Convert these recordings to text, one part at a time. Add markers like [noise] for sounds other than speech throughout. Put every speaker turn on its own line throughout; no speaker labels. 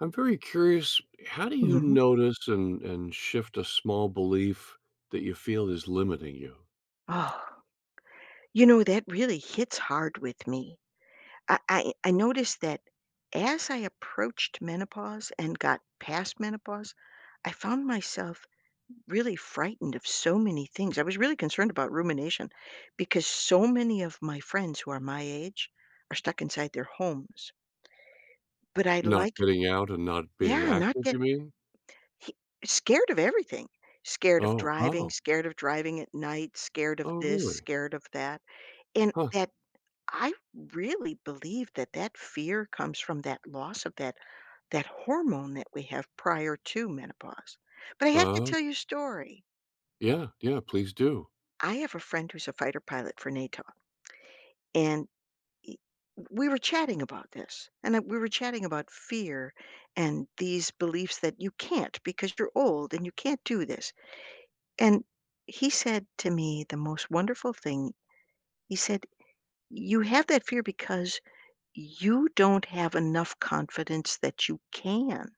I'm very curious. How do you
Mhm.
notice and and shift a small belief that you feel is limiting you?
Oh, you know, that really hits hard with me. I I I noticed that as I approached menopause and got past menopause, I found myself really frightened of so many things, I was really concerned about rumination because so many of my friends who are my age are stuck inside their homes. But I'd
Not
like
getting out and not being
Yeah, not
active, you
get
mean?
hi scared of everything. Scared of
Oh.
driving,
Oh.
scared of driving at night, scared of
Oh,
this,
really?
scared of that, and
Huh.
that I really believe that, that fear comes from that loss of that that hormone that we have prior to menopause. But I have to
Oh.
tell you a story.
Yeah. Yeah. Please do.
I have a friend who's a fighter pilot for NATO, and, e we were chatting about this, and I we were chatting about fear and these beliefs that you can't because you're old and you can't do this, and he said to me the most wonderful thing. He said, "You have that fear because you don't have enough confidence that you can.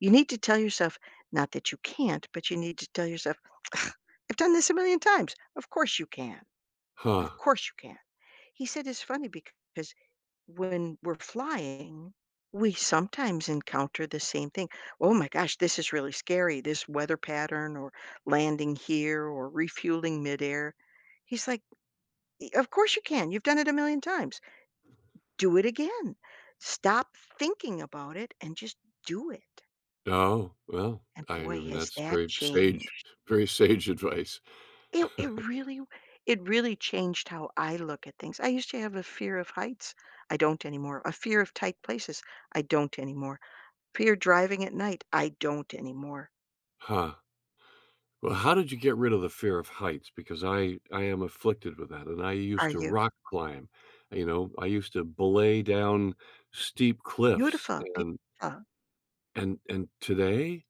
You need to tell yourself not that you can't, but you need to tell yourself, [scoffs] I've done this a million times. Of course you can, of
Huh.
course, you can." He said, "It's funny because when we're flying, we sometimes encounter the same thing. 'Oh my gosh. This is really scary. This weather pattern or landing here or refueling midair.'" He's like, "E 'Of course, you can. You've done it a million times. Do it again. Stop thinking about it and just do it.'"
Oh, well,
And,
I
boy,
mean
has
that's
that
very
changed
staged very sage advice.
It it
[chuckles]
really it really changed how I look at things. I used to have a fear of heights. I don't anymore. A fear of tight places. I don't anymore. Fear driving at night. I don't anymore.
Huh. Well, how did you get rid of the fear of heights? Because I I am afflicted with that, and I
Are
used to
you?
rock climb. You know? I used to belay down steep cliffs.
Beautiful,
And
beautiful.
and and today,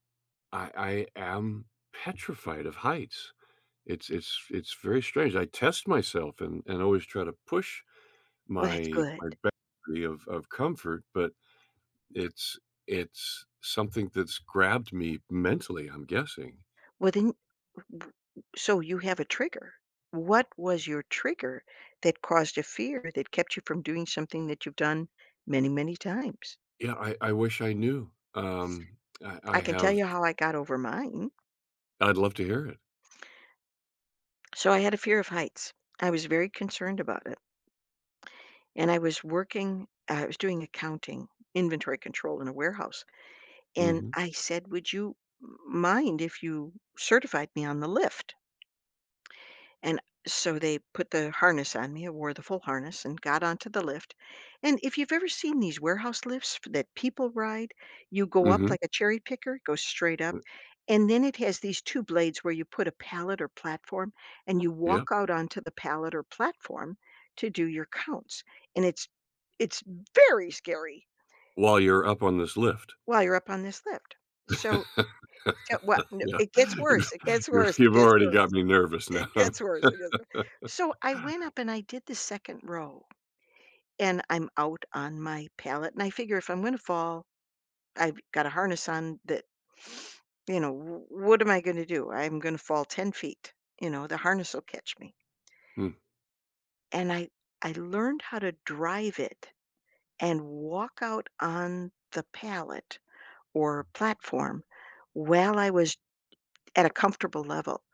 I I am petrified of heights. It's it's it's very strange. I test myself and and always try to push
Oh, that's
my
good.
my boundary of of comfort, but it's it's something that's grabbed me mentally, I'm guessing.
Well, then, w w w so you have a trigger. What was your trigger that caused a fear that kept you from doing something that you've done many, many times?
Yeah. I I wish I knew. Um, I I
I can tell
have
you how I got over mine.
I'd love to hear it.
So I had a fear of heights. I was very concerned about it. And I was working uh, I was doing accounting, inventory control in a warehouse. And
Mhm.
I said, "Would you m mind if you certified me on the lift?" And so they put the harness on me. I wore the full harness and got onto the lift. And if you've ever seen these warehouse lifts that people ride, you go up
Mhm.
like a cherry picker, go straight up,
Mm
and then it has these 2 blades where you put a pallet or platform, and you
Yeah.
walk out onto the pallet or platform to do your counts. And it's it's very scary
While you're up on this lift.
while you're up on this lift So, so wha
[laughs]
no,
Yeah,
it gets
you've
worse, It gets worse,
you've,
It
you
gets
already got
worse,
me nervous now.
It
[laughs]
gets worse, It gets wor so I went up and I did the second row, and I'm out on my pallet. And I figure if I'm gonna fall, I've got a harness on that [sniffs] you know, wha what am I gonna do? I'm gonna fall 10 feet. You know, the harness will catch me.
Hm.
And I I learned how to drive it and walk out on the pallet or platform while I was at a comfortable level.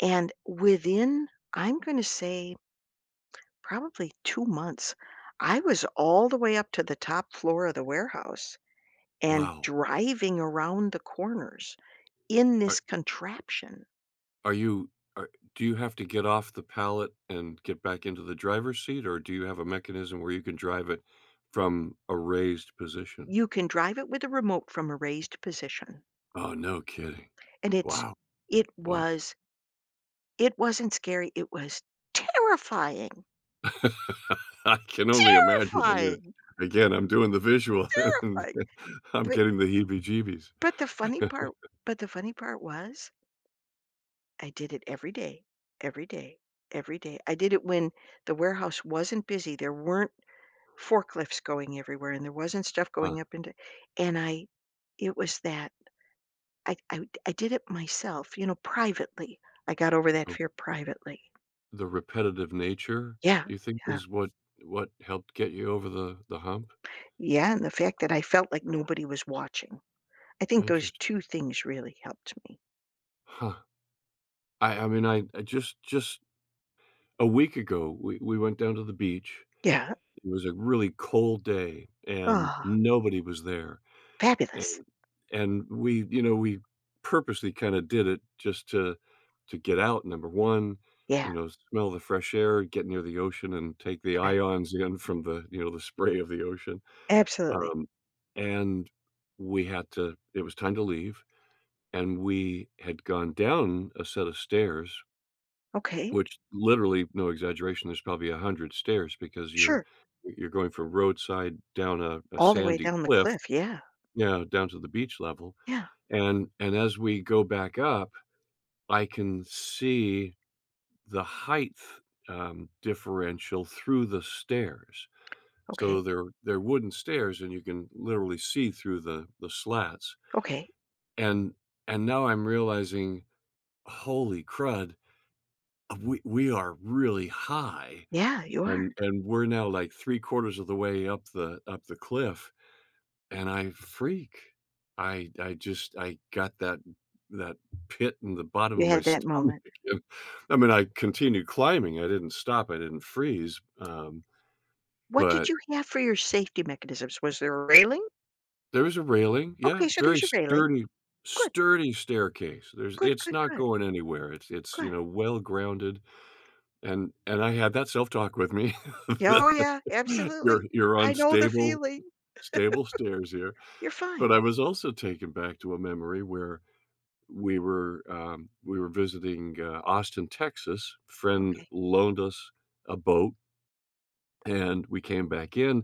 And within, I'm gonna say, probably 2 months, I was all the way up to the top floor of the warehouse and
Wow.
driving around the corners in this
Are
contraption.
Are you ar do you have to get off the pallet and get back into the driver's seat, or do you have a mechanism where you can drive it from a raised position?
You can drive it with a remote from a raised position,
Oh, no kidding,
and it's
wow
it
wow.
was It wasn't scary, it was terrifying.
[laughs] I can only imagine, I mean
Terrifying!
again, I'm doing the visual, and
Terrifying,
I'm
but
getting the heebie-jeebies.
But the funny part
[chuckles]
but the funny part was I did it every day every day every day, I did it when the warehouse wasn't busy, there weren't forklifts going everywhere, and there wasn't stuff
Huh.
going up into and I it was that I I I did it myself, you know, privately, I got over that
Oh
fear privately.
The repetitive nature,
Yeah,
you think,
yeah.
is what what helped get you over the the hump?
Yeah, the fact that I felt like nobody was watching, I think those
Interesting.
2 things really helped me.
Huh, I I mean, I I just just A week ago, we we went down to the beach,
Yeah.
it was a really cold day, and
Aw.
nobody was there,
Fabulous.
and and we, you know, we purposely kinda did it just to to get out, number 1,
Yeah.
you know, smell the fresh air, get near the ocean, and take the
Right.
ions in from the, you know, the spray of the ocean,
Absolutely.
um, and we had to it was time to leave, and we had gone down a set of stairs
Okay.
Which, literally no exaggeration, there's probably 100 stairs because you're
Sure.
y you're going from roadside down a a
All the way
sandy
down the
cliff,
cliff, yeah.
you know, down to the beach level,
Yeah.
and and as we go back up, I can see the heighth, um, differential through the stairs, so,
Okay.
they're they're wooden stairs, and you can literally see through the the slats.
Okay.
And and now I'm realizing, "Holy crud, we we are really high,"
Yeah, you are.
and and we're now, like, 3/4 of the way up the up the cliff, and I freak, I I just I got that that pit in the bottom
You
of my
had that
stomach
moment.
and, I mean, I continue climbing, I didn't stop, I didn't freeze, um,
What did
but
you have for your safety mechanisms? Was there a railing?
There was a railing, yeah,
Okay, so
very
there's a railing,
sturdy,
good.
sturdy staircase, there's
Good,
it's
good,
not
good.
going anywhere, it's it's, you
Good.
know, well-grounded, and and I had that self-talk with me.
Oh, yeah,
[laughs] "You're
absolutely,
you're on
I know the
stable
feeling,
stable stairs here,"
[laughs] you're
but I
fine.
was also taken back to a memory where we were um, we were visiting, uh, Austin, Texas, friend
Okay.
loaned us a boat. And we came back in,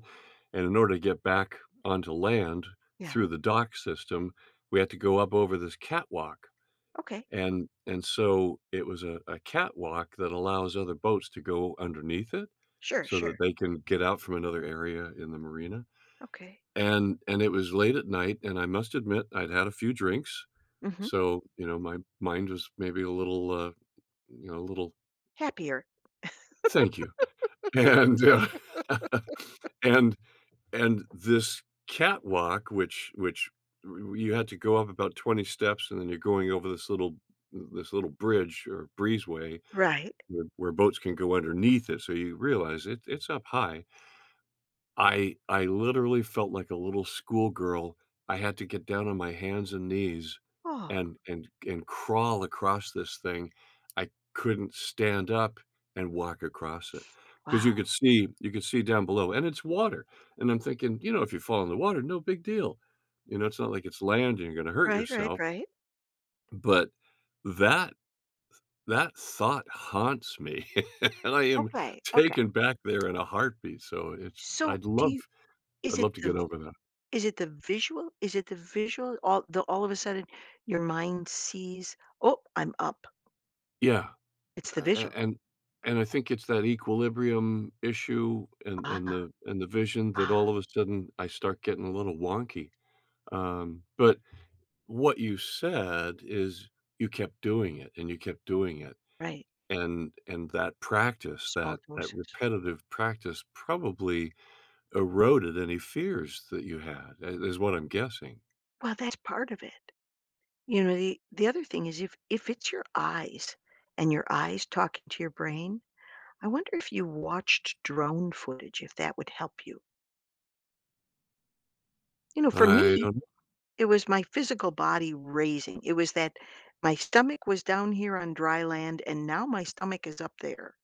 and in order to get back onto land
Yeah.
through the dock system, we had to go up over this catwalk,
Okay.
and and so, it was a a catwalk that allows other boats to go underneath it,
Sure
so that
sure.
they can get out from another area in the marina,
Okay.
and and it was late at night, and I must admit, I'd had a few drinks,
Mhm.
so, you know, my mind was maybe a little, uh, you know, a little
Happier.
Thank you, and, uh, [chuckles]
[laughs]
and and this catwalk, which which y y you had to go up about 20 steps and then you're going over this little this little bridge or breezeway
Right.
where where boats can go underneath it, so you realize it it's up high. I I literally felt like a little schoolgirl, I had to get down on my hands and knees
Oh.
and and and crawl across this thing. I couldn't stand up and walk across it.
[sniffs]
'Cause
Wow.
you could see you could see down below, and it's water, and I'm thinking, "You know, if you fall in the water, no big deal, you know, it's not like it's land, and you're gonna hurt
Right, right,
yourself."
right.
But that th that thought haunts me, [laughs] and I am
Okay. Okay.
taken back there in a heartbeat. So, it's
So,
I'd
do
love
you
I'd
is it
love to
the
get
v
over that.
is it the visual is it the visual? All the all of a sudden, your mind sees, "Oh, I'm up."
Yeah.
It's the
A a
visual.
and and I think it's that equilibrium issue and
Ah,
and the and the vision that all
ah.
of a sudden I start getting a little wonky, um but what you said is you kept doing it and you kept doing it.
Right.
And and that practice,
Small
that that
doses.
repetitive practice probably eroded any fears that you had i is what I'm guessing.
Well, that's part of it. You know, the the other thing is if if it's your eyes and your eyes talking to your brain, I wonder if you watched drone footage, if that would help you. You know, for
I
me,
don't kn
it was my physical body raising. It was that my stomach was down here on dry land, and now my stomach is up there.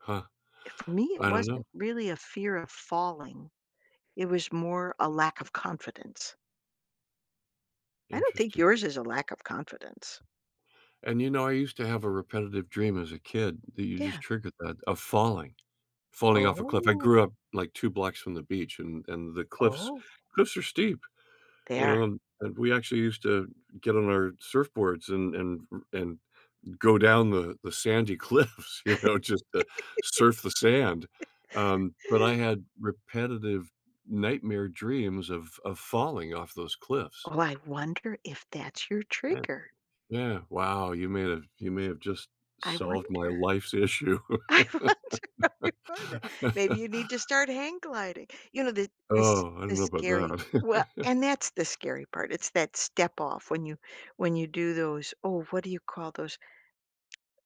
Huh,
Eh, for me, it
I don't know.
wasn't really a fear of falling. It was more a lack of confidence. I don't think
Interesting.
yours is a lack of confidence.
And, you know, I used to have a repetitive dream as a kid, that you just
Yeah.
triggered that, of falling falling off a cliff. I
Oh.
grew up, like, 2 blocks from the beach, and and the cliffs
Oh.
cliffs are steep.
They
You know,
are.
and and we actually used to get on our surfboards and and r and go down the the sandy cliffs, you know, just to surf the sand. Um, but I
[laughs]
had repetitive nightmare dreams of of falling off those cliffs.
Oh, I wonder if that's your
Yeah.
trigger.
Yeah, wow. You may have you may have just
I
solved my
wonder.
life's issue.
I wonder, I wonder.
[laughs]
Maybe you need to start hang gliding. You know, the this
Oh, I don't
this
know about
scary we
that.
and that's the
[laughs]
scary part. It's that step off when you when you do those oh, what do you call those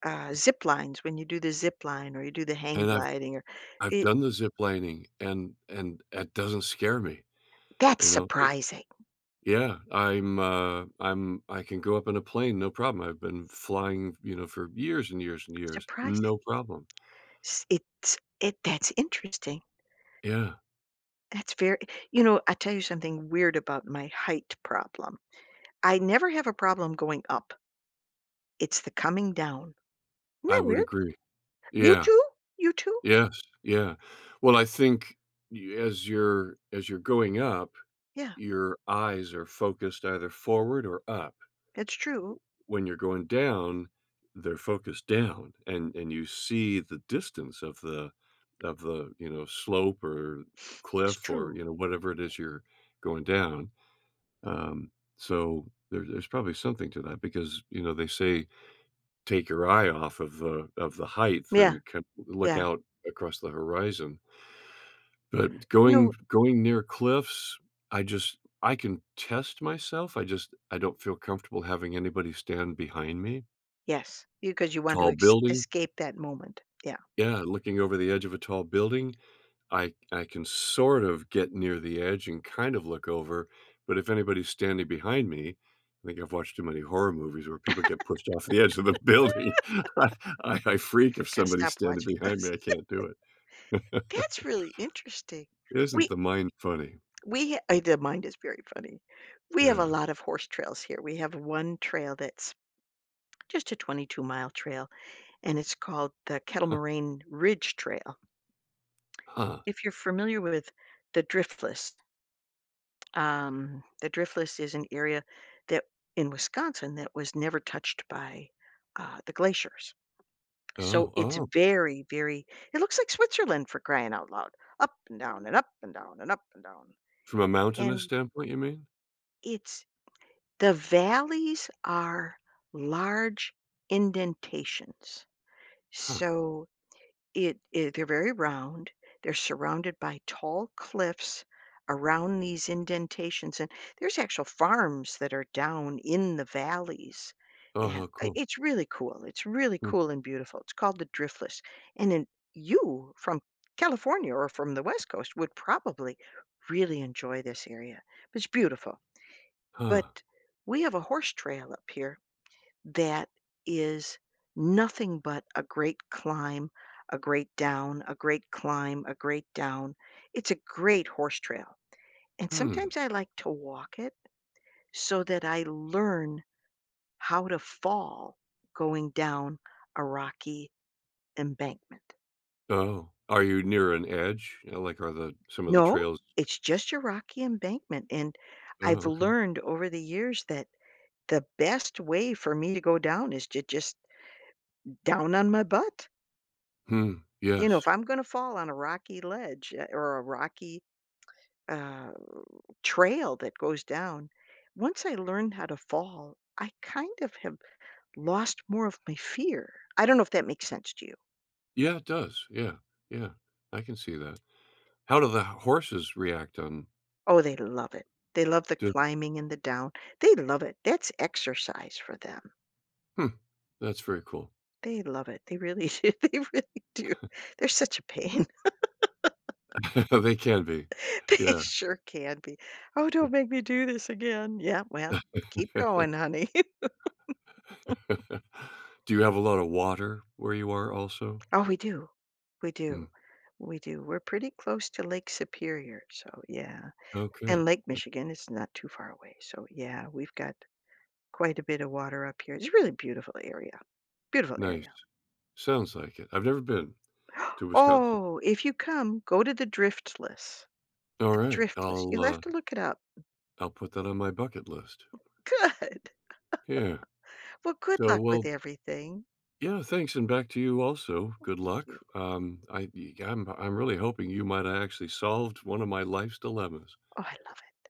ah, ziplines, when you do the zipline or you do the hang
And I've
gliding or
I've
i
done the ziplining, and and that doesn't scare me.
That's
You know, i
surprising.
Yeah. I'm, uh, I'm I can go up in a plane, no problem, I've been flying, you know, for years and years and years,
Surprising.
no problem.
S it's it that's interesting.
Yeah.
That's very you know, I tell you something weird about my height problem. I never have a problem going up. It's the coming down. Isn't
I
that
would
weird?
agree.
You
Yeah.
too? You too?
Yes, yeah. Well, I think y as you're as you're going up,
Yeah.
your eyes are focused either forward or up.
It's true.
When you're going down, they're focused down, and and you see the distance of the of the, you know, slope, or
It's
cliff or,
true.
you know, whatever it is you're going down. Um, so there there's probably something to that because, you know, they say, "Take your eye off of the of the heighth
Yeah,
and kin look
yeah.
out across the horizon." But
No
going going near cliffs, I just I can test myself. I just I don't feel comfortable having anybody stand behind me.
Yes. You 'cause you want to
Tall
es
building.
escape that moment. Yeah.
Yeah, looking over the edge of a tall building. I I can sort of get near the edge and kind of look over. But if anybody's standing behind me I think I've watched too many horror movies where people get pushed off the edge of the building I
[laughs]
I I freak if
Gotta
somebody's
stop
standing
watching
behind me.
those.
I can't do
[laughs]
it. [laughs]
That's really interesting.
Isn't
We
the mind funny?
we h I the mind is very funny. We have a
Yeah.
lot of horse trails here. We have 1 trail that's just a 22 mile trail, and it's called the Kettle
[chuckles]
Moraine Ridge Trail.
Huh.
If you're familiar with the Driftless um, the Driftless is an area that in Wisconsin that was never touched by, uh, the glaciers. So
Oh,
it's
oh.
very, very it looks like Switzerland for crying out loud. Up and down, and up and down, and up and down,
From a mountainous
and
standpoint, you mean?
it's the valleys are large indentations.
Huh.
So it it they're very round. They're surrounded by tall cliffs around these indentations, and there's actual farms that are down in the valleys,
Oh,
and
how
i
cool.
it's really cool It's really
Hmm.
cool and beautiful. It's called the Driftless, and then, you, from California or from the West Coast, would probably really enjoy this area. It's beautiful.
Huh.
But we have a horse trail up here that is nothing but a great climb, a great down, a great climb, a great down. It's a great horse trail, and
Hmm.
sometimes I like to walk it so that I learn how to fall going down a rocky embankment.
Oh, are you near an edge, you know, like, are the some of the
No,
trails
it's just your rocky embankment, and I've
Oh, okay.
learned over the years that the best way for me to go down is to just down on my butt.
Hmm,
You know, if
yes.
I'm gonna fall on a rocky ledge, eh, or a rocky, uh, r trail that goes down, once I learned how to fall, I kind of have lost more of my fear, I don't know if that makes sense to you.
Yeah, it does, yeah, yeah, I can see that, how do the h horses react, um
Oh, they love it, they love the
Do
climbing and the down they love it, that's exercise for them.
Hmm, that's very cool.
They love it, they really do they really do,
[chuckles]
they're such a pain. [laughs]
[laughs] They can be,
They
yeah.
sure can be. "Oh, don't
Hmm.
make me do this again." "Yeah, well, keep going, honey." [laughs]
[laughs] Do you have a lot of water where you are also?
Oh, we do, we
Hmm.
do, we do, we're pretty close to Lake Superior, so, yeah,
Okay, hmm.
and Lake Michigan is not too far away, so, yeah, we've got quite a bit of water up here it's really beautiful area, beautiful
Nice,
area.
sounds like it, I've never been
[gasps]
to Wisconsin.
Oh, if you come, go to the Driftless. The
Alright,
Driftless,
I'll,
you'll have
uh
to look it up.
I'll put that on my bucket list.
Good,
Yeah,
[laughs] well, good
so
luck with
well
everything.
Yeah, thanks, and back to you also,
Well,
good
thank
luck,
you.
um, I ye I'm I'm really hoping you might o' actually solved one of my life's dilemmas.
Oh, I love it.